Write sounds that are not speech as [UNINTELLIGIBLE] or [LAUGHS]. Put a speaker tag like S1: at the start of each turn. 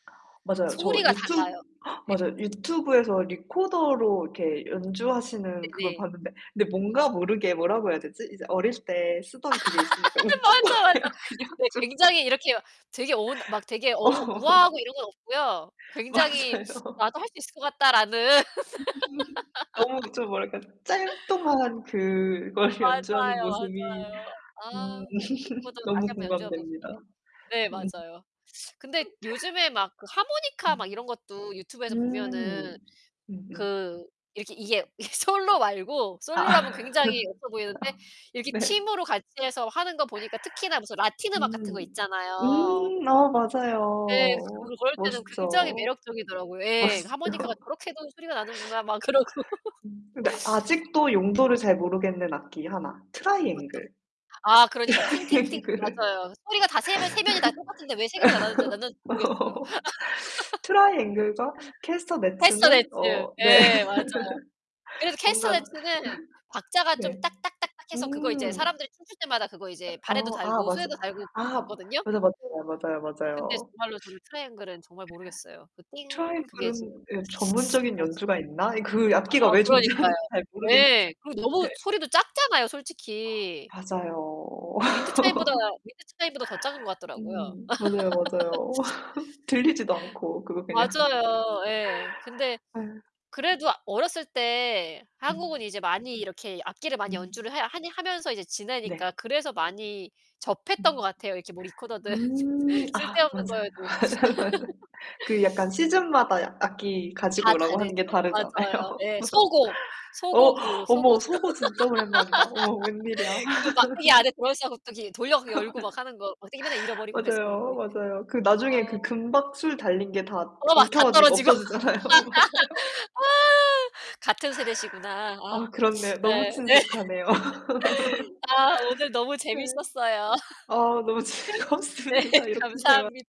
S1: 맞아요. 저
S2: 소리가
S1: 유튜
S2: 달라요.
S1: [GASPS]
S2: 네.
S1: 맞아요. 유튜브에서 리코더로 이렇게 연주하시는 그걸
S2: 네네.
S1: 봤는데 근데 뭔가 모르게 뭐라고 해야 되지? 이제 어릴 때 쓰던 그게 있으니까
S2: [LAUGHS]
S1: 웃긴
S2: 맞아, 맞아.
S1: 거예요, 그냥
S2: 네,
S1: 좀.
S2: 굉장히 이렇게 되게 어운 막 되게 어우 우아하고
S1: 어.
S2: 이런 건 없고요. 굉장히 [SUCKS TEETH]
S1: 맞아요.
S2: '나도 할 수 있을 것 같다.'라는.
S1: [UNINTELLIGIBLE] 너무 좀 뭐랄까.
S2: [LAUGHS]
S1: 짤뚱한 그걸
S2: 맞아요,
S1: 연주하는 모습이
S2: 맞아요.
S1: 음.
S2: 아,
S1: [LAUGHS]
S2: 리코더 다시
S1: 너무
S2: 한번 연주해 보 [UNINTELLIGIBLE]
S1: 공감됩니다.
S2: 네,
S1: 음.
S2: 맞아요. 근데
S1: [LAUGHS]
S2: 요즘에 막 그 하모니카 막 이런
S1: 음.
S2: 것도 유튜브에서 보면은
S1: 음음.
S2: 그 이렇게 이게 이게 솔로 말고 솔로라면
S1: 아.
S2: 굉장히 없어 보이는데
S1: [LAUGHS]
S2: 이렇게
S1: 네.
S2: 팀으로 같이 해서 하는 거 보니까 특히나 무슨 라틴 음악 같은 거
S1: 음.
S2: 있잖아요.
S1: 음. 아,
S2: 네,
S1: 맞아요.
S2: 그럴 때는 굉장히
S1: 멋있죠.
S2: 매력적이더라고요. 예, 그
S1: 멋있죠.
S2: 하모니카가 저렇게도 소리가 나는구나 막 그러고.
S1: 근데
S2: [LAUGHS]
S1: 아직도 용도를 잘 모르겠는 악기 하나. 트라이앵글.
S2: 어떤 아, 그러니까. 팅팅팅
S1: [LAUGHS] 그래 [LAUGHS]
S2: 맞아요. 소리가 다 3 명 3 명이 다 똑같은데 왜 3 개로 나눠지 나누는지 모르겠어요.
S1: [SUCKS TEETH] 트라이앵글과 캐스터네츠는
S2: 캐스터네츠.
S1: 어, 네.
S2: 예, 맞아요. 그래서
S1: [LAUGHS] 뭔가
S2: 캐스터네츠는
S1: [LAUGHS]
S2: 박자가 좀
S1: 네.
S2: 딱딱딱딱 해서 그거 이제
S1: 음.
S2: 사람들이 춤출 때마다 그거 이제 발에도
S1: 어, 아
S2: 달고
S1: 맞아
S2: 손에도 달고
S1: 아,
S2: 그거 봤거든요.
S1: 맞아 맞아요 맞아요
S2: 근데
S1: 맞아요.
S2: 정말로 저는 트라이앵글은 정말 모르겠어요. 그 띵 그게 지금
S1: 트라이앵글은 예,
S2: [SUCKS TEETH]
S1: 전문적인
S2: 뭐지?
S1: 연주가 있나? 예 그
S2: 아
S1: 악기가 왜
S2: 그러니까요.
S1: 존재하는지 잘 모르겠는데.
S2: 네. 그리고 너무
S1: 네.
S2: 소리도 작잖아요 솔직히.
S1: 맞아요. [LAUGHS]
S2: 윈드차임보다 윈드차임보다 더 작은 것 같더라고요.
S1: 음. 맞아요, 맞아요. [LAUGHS]
S2: [LAUGHS]
S1: 들리지도 않고 그거 그냥.
S2: 맞아요. 예. 근데
S1: 예.
S2: 그래도 어렸을 때 한국은
S1: 음.
S2: 이제 많이 이렇게 악기를 많이
S1: 음.
S2: 연주를 해 하니 하면서 이제
S1: 네.
S2: 지내니까 그래서 많이 접했던 것
S1: 음
S2: 같아요. 이렇게 뭐 리코더든
S1: 음.
S2: [LAUGHS]
S1: 아,
S2: 쓸데없는
S1: 맞아요.
S2: 거여도.
S1: [LAUGHS] 맞아. 그 약간
S2: [LAUGHS]
S1: 시즌마다 악기 가지고
S2: 다
S1: 오라고 하는
S2: 다르죠.
S1: 게 다르잖아요.
S2: 맞아요.
S1: [LAUGHS]
S2: 네. 소고. 소고
S1: 어.
S2: 그 소고
S1: 어머. 소고 진짜 오랜만이다. 어머 웬일이야.
S2: [LAUGHS] 그 막대기 안에
S1: [LAUGHS]
S2: 돌아있어 가지고 갑자기 돌려서 열고 막
S1: [LAUGHS]
S2: 하는 거 막대기 맨날 잃어버리고 그랬었는데.
S1: 맞아요, 맞아요. 그 나중에
S2: 아.
S1: 그 금박 술 달린 게 다
S2: 어, 막
S1: 엉켜
S2: 다
S1: 가지고
S2: 떨어지고.
S1: 없어지잖아요. 맞아요.
S2: [LAUGHS] 같은 세대시구나. 아.
S1: 아,
S2: [SNIFFS]
S1: 그렇네요. 너무
S2: 네 네.
S1: 친숙하네요.
S2: [LAUGHS]
S1: [LAUGHS]
S2: 아 오늘 너무
S1: 네.
S2: 재밌었어요.
S1: 아 너무
S2: [LAUGHS] 네,
S1: 즐겁습니다. 이렇게 대화
S2: 감사합니